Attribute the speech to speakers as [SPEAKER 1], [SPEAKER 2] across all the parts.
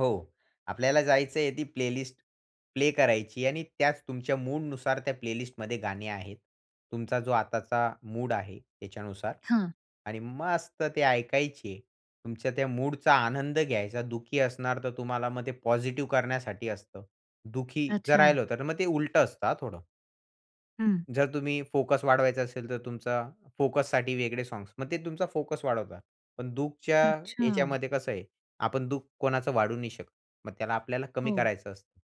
[SPEAKER 1] हो. आपल्याला जायचंय ती प्लेलिस्ट प्ले करायची आणि त्याच तुमच्या मूडनुसार त्या प्लेलिस्टमध्ये गाणी आहेत. तुमचा जो आताचा मूड आहे त्याच्यानुसार
[SPEAKER 2] हां.
[SPEAKER 1] आणि मस्त ते ऐकायचे. तुमच्या त्या मूडचा आनंद घ्यायचा. दुःखी असणार, तर तुम्हाला मग ते पॉझिटिव्ह करण्यासाठी असतं. दुःखी जर
[SPEAKER 2] अच्छा.
[SPEAKER 1] राहिलं होतं, तर मग ते उलटं असतं हां थोडं.
[SPEAKER 2] हं.
[SPEAKER 1] जर तुम्ही फोकस वाढवायचा असेल, तर तुमचा फोकससाठी वेगळे सॉन्ग्स मग ते तुमचा फोकस वाढवतात. पण दुःखच्या
[SPEAKER 2] अच्छा.
[SPEAKER 1] ह्याच्यामध्ये कसं आहे, आपण दुःख कोणाचं वाढवू नाही शकत. मग त्याला आपल्याला कमी
[SPEAKER 2] हो.
[SPEAKER 1] करायचं असतं.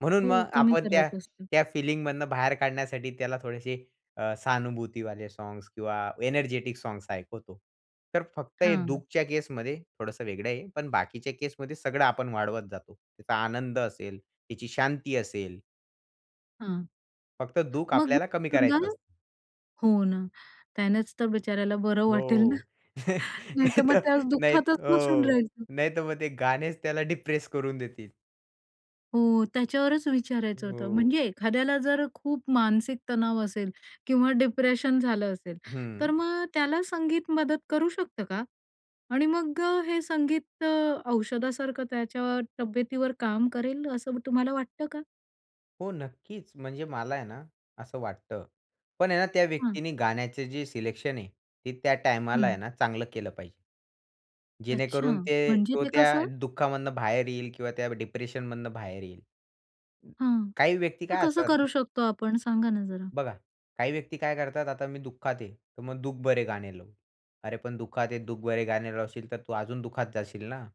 [SPEAKER 1] म्हणून
[SPEAKER 2] हो,
[SPEAKER 1] मग
[SPEAKER 2] कमी
[SPEAKER 1] आपण त्या
[SPEAKER 2] करायचं असतं.
[SPEAKER 1] त्या फिलिंगमधनं बाहेर काढण्यासाठी त्याला थोडीशी अ, सहानुभूतीवाले साँग्स किंवा एनर्जेटिक सॉन्ग्स ऐकवतो. तर फक्त हे
[SPEAKER 2] हां.
[SPEAKER 1] दुःखच्या केसमध्ये थोडंसं वेगळं आहे. पण बाकीच्या केसमध्ये सगळं आपण वाढवत जातो. त्याचा आनंद असेल, तिची शांती असेल.
[SPEAKER 2] हां.
[SPEAKER 1] फक्त दुःख
[SPEAKER 2] मग
[SPEAKER 1] आपल्याला कमी करायचं
[SPEAKER 2] [unintelligible]
[SPEAKER 1] असतं.
[SPEAKER 2] हो ना. त्यानेच तर बिचाऱ्याला बरं वाटेल ना
[SPEAKER 1] हो.
[SPEAKER 2] नाहीतर
[SPEAKER 1] नाही
[SPEAKER 2] मग
[SPEAKER 1] तर,
[SPEAKER 2] त्या
[SPEAKER 1] नाही
[SPEAKER 2] दुःखातच बसून
[SPEAKER 1] हो.
[SPEAKER 2] राहील तो.
[SPEAKER 1] नाहीतर मग ते गाणेच त्याला डिप्रेस करून देतील.
[SPEAKER 2] हो, त्याच्यावरच विचारायचं होतं.
[SPEAKER 1] हो.
[SPEAKER 2] म्हणजे एखाद्याला जर खूप मानसिक तणाव असेल किंवा डिप्रेशन झालं असेल,
[SPEAKER 1] हं.
[SPEAKER 2] तर मग त्याला संगीत मदत करू शकतं का? आणि मग हे संगीत अ, औषधासारखं त्याच्या तब्येतीवर काम करेल, असं तुम्हाला वाटतं का?
[SPEAKER 1] हो, नक्कीच म्हणजे मला आहे ना, असं वाटतं, पण आहे ना त्या
[SPEAKER 2] हां.
[SPEAKER 1] व्यक्तीने गाण्याचे जे सिलेक्शन आहे, ते त्या टाईमाला आहे
[SPEAKER 2] हं.
[SPEAKER 1] ना, चांगलं केलं पाहिजे
[SPEAKER 2] अच्छा
[SPEAKER 1] जेणेकरून ते
[SPEAKER 2] म्हणजे
[SPEAKER 1] तो
[SPEAKER 2] ते
[SPEAKER 1] त्या
[SPEAKER 2] कसं?
[SPEAKER 1] दुःखामधनं बाहेर येईल किंवा त्या डिप्रेशनमधनं बाहेर येईल.
[SPEAKER 2] हां,
[SPEAKER 1] काही व्यक्ती
[SPEAKER 2] तर
[SPEAKER 1] काय
[SPEAKER 2] कसं
[SPEAKER 1] असतात.
[SPEAKER 2] करू शकतो आपण, सांगा ना जरा.
[SPEAKER 1] बघा, काही व्यक्ती काय करतात. आता मी दुःखात आहे, तर मग दुःख भरे गाणे लावू. अरे, पण दुःखात आहे, दुःख भरे गाणे लावशील, तर तू अजून दुःखात जाशील ना?